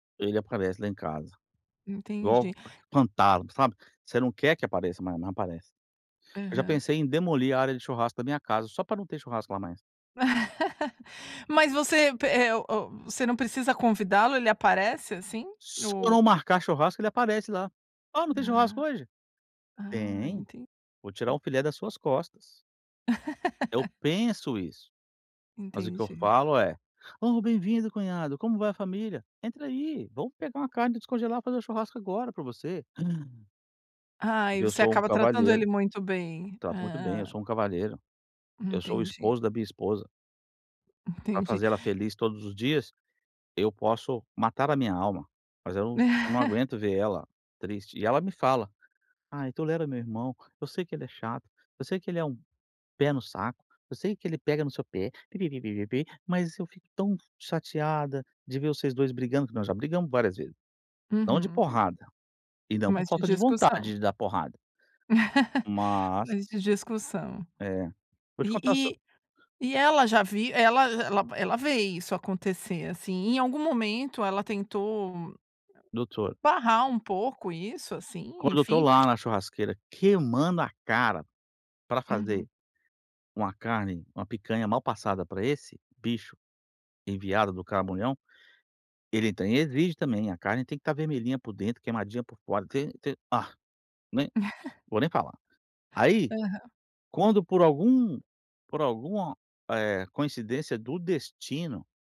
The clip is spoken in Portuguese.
Ele aparece lá em casa, Entendi. igual pantalo, sabe, você não quer que apareça, mas não, aparece. Eu já Aham. pensei em demolir a área de churrasco da minha casa, só para não ter churrasco lá mais. Mas você pe eh, o o você não precisa convidá-lo, ele aparece assim, Se eu o não marcar churrasco, ele aparece lá. "Ah, não tem churrasco Ah. hoje?". Ah, Tem, enten vou tirar um filé das suas costas. Eu penso isso, mas o que eu Entendi. falo é: "Oh, bem-vindo, cunhado, como vai a família? Entra aí, vamos pegar uma carne para descongelar e fazer o churrasco agora para você". Ai, Porque eu você sou um acaba tratando ele cavalheiro. muito bem. Trato muito bem, eu Hã. sou um cavalheiro. Eu sou o Entendi. esposo da minha esposa. Para Entendi. fazer ela feliz todos os dias, eu posso matar a minha alma, mas eu eu não aguento ver ela triste. E ela me fala: "Ai, tolera meu irmão, eu sei que ele é chato, eu sei que ele é um pé no saco, eu sei que ele pega no seu pé, pi-pi-pi-pi-pi-pi, mas eu fico tão chateada de ver vocês 2 brigando", que nós já brigamos várias vezes. Não de Uhum. porrada. E não por Mas de falta de vontade discussão? de dar porrada. Mas Mas de discussão. É. Vou te E contar só e e ela já vi ela j ela ela vê isso acontecer, assim. Em algum momento ela tentou [unintelligible] barrar um pouco isso, assim, Quando eu estou enfim, lá porq na churrasqueira queimando a cara para Uhum. fazer uma carne, uma picanha mal passada para esse bicho enviado do caramunhão, ele tem exige também, a carne tem que estar vermelhinha por dentro, queimadinha por fora. Te te ah, nem vou nem falar. Aí, Aham. quando, por algum por alguma, eh, coincidência do destino